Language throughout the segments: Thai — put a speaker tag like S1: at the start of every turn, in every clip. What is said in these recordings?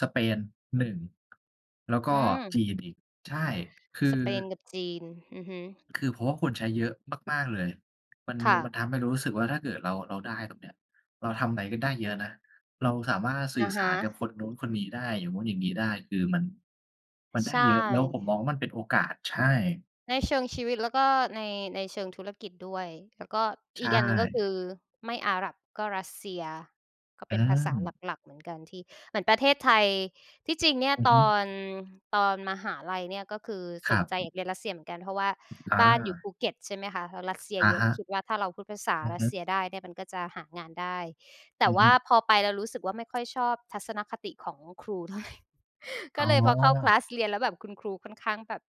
S1: สเปนหนึ่ง แล้วก
S2: อื
S1: ็
S2: ม
S1: จีนอีก ใช่ คื
S2: ส
S1: อ
S2: เปนกับจีน อือฮึ
S1: คือเพราะว่าคนใช้เยอะมาก ๆ เลย มัน
S2: ค่
S1: มั
S2: ะ
S1: นทำให้เรารู้สึกว่า ถ้าเกิดเรา เราได้ แบบเนี้ย เราทำอะไรก็ได้เยอะนะ เราสามารถส
S2: อ
S1: ื่อ
S2: ะฮ
S1: สา
S2: ะ
S1: รกับคนนู้นคนนี้ได้ อย่างนู้นอย่างนี้ได้ คือมัน มันได
S2: ใช
S1: ้
S2: ่
S1: เยอะ แล้วผมมองว่ามันเป็นโอกาส ใช่
S2: ในเชิงชีวิต แล้วก็ใน ในเชิงธุรกิจด้วย แล้วก็
S1: ใช
S2: อีกอันหนึ่งก็ค
S1: ่
S2: ือไม่อาหรับก็รัสเซีย ก็
S1: อ
S2: เ
S1: ื
S2: ป็นภาษา
S1: ม
S2: หลัก ๆ เหมือนกันที่ เหมือนประเทศไทย ที่ จริงเนี่ย
S1: อือ
S2: ต
S1: ฮึ
S2: อน ตอนมหาลัยเนี่ย ก็คือ
S1: ค
S2: ส
S1: รั
S2: นใจอย
S1: บ
S2: ากเรียนรัสเซียเหมือนกัน เพราะว่า
S1: อา
S2: บ้านอยู่ภูเก็ต ใช่ไหมคะ แล้วรัสเซีย
S1: อะ
S2: เยอะ
S1: ฮ
S2: ก็ค
S1: ะ
S2: ิดว่าถ้าเราพูดภาษา
S1: อือ
S2: ร
S1: ฮ
S2: ัส
S1: ึ
S2: เซียได้เนี่ยมันก็จะหางานได้ แต
S1: อ
S2: ่
S1: ือ
S2: ว
S1: ฮ
S2: ่
S1: ึ
S2: าพอไปแล้วรู้สึกว่าไม่ค่อยชอบทัศนคติของครู เท่าไร
S1: อ
S2: ก
S1: ๋
S2: ็เลยพอเข้า คล
S1: อ
S2: าส เรียนแล้วแบบคุณครูค่อนข้างแบบ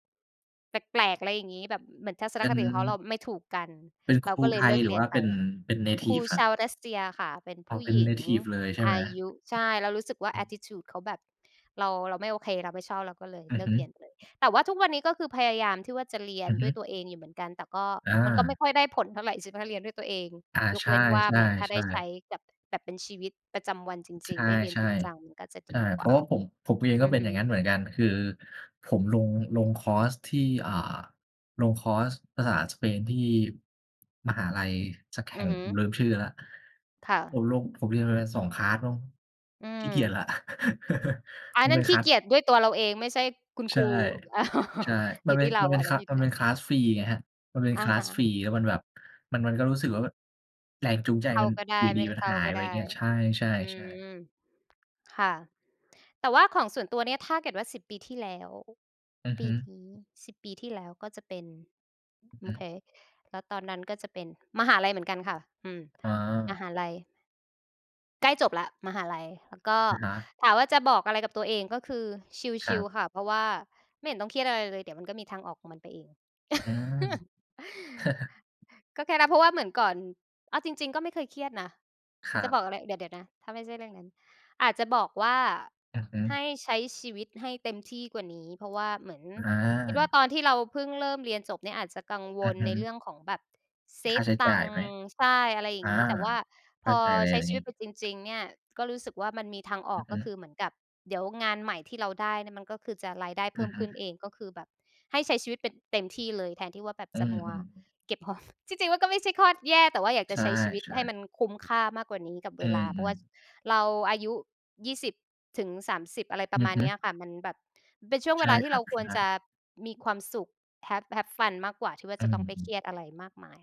S2: แปลก ๆ อะไรอย่างงี้ แบบ ม เหมือนทัศ
S1: เ
S2: น
S1: ป็
S2: ค
S1: น
S2: ติของเขาเราไม่ถูกกัน
S1: เป็นค
S2: เรา
S1: รู
S2: ก็เล
S1: ไท
S2: ยเล
S1: ย
S2: ิก
S1: หรื
S2: เร
S1: อ
S2: ี
S1: ว
S2: ย
S1: ่
S2: น
S1: า
S2: ไ
S1: เ
S2: ป
S1: ป็น เป็น เนท
S2: คร
S1: ิ
S2: ู
S1: ฟ ครั
S2: ช
S1: บ?
S2: าวรัสเซียค่ะ เป็น
S1: อ
S2: ผ
S1: ๋อ
S2: ู้
S1: เป็
S2: ห
S1: น
S2: ญ
S1: เ
S2: ิ
S1: น
S2: ง
S1: ทิฟ เลยใช่
S2: อ
S1: ไหม?
S2: ายุ ใช่ เรารู้สึกว่า
S1: อื
S2: แอต
S1: อ
S2: ติจูด เขาแบบ เรา เราไม่โอเค เราไม่ชอบ เราก็เลย
S1: อื
S2: เ
S1: อ
S2: ลิ
S1: ฮ
S2: ก
S1: ึ
S2: เรียนไปเลย แต่ว่าทุกวันนี้ก็คือพยายามที่ว่าจะเรีย
S1: อ
S2: น
S1: ือฮ
S2: ด้
S1: ึ
S2: วยตัวเองอยู่เหมือนกัน แต่ก็
S1: อ
S2: มันก็
S1: า
S2: ไม่ค่อยได้ผลเท่าไร ใช่ไหมคะ ถ้าเรียนด้วยตัวเอง
S1: อา
S2: ย
S1: ใ
S2: ก
S1: ช
S2: เว้นว่าเหมือนถ้าได้
S1: ่
S2: ใช
S1: ๆ
S2: ้
S1: ๆ
S2: แบบ แบบเป็นชีวิตประจำวันจ
S1: ใ
S2: ร
S1: ช
S2: ิง
S1: ่
S2: ๆ ได้เร
S1: ๆ
S2: ียนจริงจัง มันก็จะ
S1: ใช
S2: ด
S1: ่
S2: ีก
S1: เพ
S2: ว
S1: ร
S2: ่
S1: า
S2: า
S1: ะว่าผม ผมเอง
S2: อ
S1: ก็
S2: ื
S1: เป
S2: อ
S1: ็
S2: ฮ
S1: นอย่างง
S2: ึ
S1: ั้นเหมือนกัน คือผมลง ลงคอร์สที่ อ่า ลงคอร์สภาษาสเปนที่ มหาลัยสักแ
S2: อ
S1: ห
S2: ื
S1: ่
S2: อ
S1: ง
S2: ฮึ
S1: ผมลืมชื่อแล้ว
S2: ค่
S1: ผ
S2: ะ
S1: มลง ผมเรียนมันไปสอง คลาส มั้ง
S2: อื
S1: ขี้เกียจแล้
S2: ม
S1: ว
S2: อา
S1: มัน
S2: นั
S1: เป
S2: ่
S1: ็
S2: น
S1: น
S2: ข
S1: ค
S2: ี้
S1: ลา
S2: เ
S1: ส
S2: กียจด้วยตัวเราเอง ไม่ใช่คุณ
S1: ใ
S2: ค
S1: ช
S2: ร
S1: ่
S2: ู
S1: ใช่ ม
S2: อย
S1: ั
S2: ู
S1: น
S2: ่
S1: เป็
S2: ที
S1: น
S2: ่เร
S1: ม
S2: า
S1: ันเป็
S2: อั
S1: น
S2: นน
S1: ค
S2: ั้นอยู่ท
S1: มั
S2: ี่
S1: นเ
S2: เร
S1: ป็
S2: า
S1: น คลาส ฟรีไงครับ มันเป็น
S2: อะ
S1: คลา
S2: ฮ
S1: ส ฟ
S2: ะ
S1: รี แล้วมันแบบ มัน มันก็รู้สึกว่ามัน แรงจูงใจ
S2: เข้
S1: ม
S2: า
S1: ัน
S2: ก็ได
S1: อย
S2: ้
S1: ู่
S2: ไ
S1: ด
S2: ม
S1: ี
S2: ่ ล
S1: ๆ มัน
S2: เข้า
S1: หาย
S2: ก็
S1: ไป
S2: ไ
S1: อ
S2: ด
S1: ย่าง
S2: ้
S1: เงี้ย ใช่
S2: อื
S1: ๆ ๆ
S2: ม ค่ะ แต่ว่าของส่วนตัวเนี่ย ถ้าเกิดว่า 10 ปีที่แล้ว
S1: อือ
S2: ป
S1: ฮ
S2: ี
S1: ึ
S2: นี้ 10 ปีที่แล้วก็จะเป็น
S1: อือ
S2: ม
S1: ฮ
S2: โอเ
S1: ึ
S2: ค แล้วตอนนั้นก็จะเป็นมหาลัยเหมือนกันค่ะ อืม
S1: อ๋
S2: ม
S1: อ
S2: หาลัย ใกล้จบแล้ว มหาลัย แล้วก็
S1: อะฮะ
S2: ถามว่าจะบอกอะไรกับตัวเอง ก็คือ ช
S1: คร
S2: ิ
S1: ั
S2: ล
S1: บ
S2: ๆ ค่ะ เพราะว่าไม่เห็นต้องเครียดอะไรเลย เดี๋ยวมันก็มีทางออกของมันไปเอง
S1: อืม
S2: ก็แค่รับ เพราะว่าเหมือนก่อน เอาจริง ๆ ก็ไม่เคยเครียดนะ
S1: ครั
S2: จะ
S1: บ
S2: บอกอะไร เดี๋ยว เดี๋ยวนะ ถ้าไม่ใช่เรื่องนั้น อาจจะบอกว่า
S1: อือฮึ
S2: "ให้ใช้ชีวิตให้เต็มที่กว่านี้" เพราะว่าเหมือน
S1: อ
S2: คิดว่า
S1: า
S2: ตอนที่เราเพิ่งเริ่มเรียนจบเนี่ยอาจจะกังว
S1: อือ
S2: ล
S1: ฮ
S2: ใน
S1: ึ
S2: เรื่องของแบบเซ
S1: ค่า
S2: ฟ
S1: ใช้
S2: ต
S1: จ่
S2: ั
S1: า
S2: งค
S1: ยไ
S2: ์
S1: หม
S2: ใช่ อะไรอย
S1: อ
S2: ่า
S1: า
S2: งงี้ แต่ว่า
S1: เข
S2: พ
S1: ้า
S2: อ
S1: ใจเลย
S2: ใช
S1: อ
S2: ้
S1: ัน
S2: ช
S1: น
S2: ี
S1: ี
S2: ว
S1: ้
S2: ิตไปจริง ๆ เนี่ย ก็รู้สึกว่ามันมีทางอ
S1: อื
S2: อก
S1: อฮ
S2: ก็ค
S1: ึ
S2: ือเหมือนกับ เดี๋ยวงานใหม่ที่เราได้เนี่ยมันก็คือจะรายได้
S1: อ
S2: เพิ
S1: ื
S2: ่
S1: อ
S2: ม
S1: ฮึ
S2: ขึ้นเอง ก็คือแบบให้ใช้ชีวิตเป็นเต็มที่เลย แทนที่ว่าแบบ
S1: อื
S2: จะมัว
S1: อ ๆ ๆ
S2: เก็บหอม จริง ๆ มันก็ไม่ใช่ข้อแย่ แต่ว่าอยากจ
S1: ใช
S2: ะ
S1: ่
S2: ใช้ชีวิตให้
S1: ๆ
S2: มันคุ้มค่ามากกว่านี้กับ
S1: อ
S2: เว
S1: ื
S2: ลา เพราะว
S1: อ
S2: ่า
S1: ๆ
S2: เราอายุ 20 ถึง 30 อะไรปร
S1: อื
S2: ะม
S1: อ
S2: าณ
S1: ฮ
S2: เ
S1: ึ
S2: นี้ยอะค่ะ มันแบบเป็นช่วง
S1: ใ
S2: เ
S1: ช
S2: ว
S1: ่
S2: ลาที
S1: ค
S2: ่
S1: ร
S2: เ
S1: ั
S2: ร
S1: บ
S2: าค
S1: ใช
S2: วรจ
S1: ่
S2: ะมีความสุข have have Fun มากกว่าที่ว่า
S1: อื
S2: จะต้องไปเค
S1: อ ๆ
S2: รียดอะไรมากมาย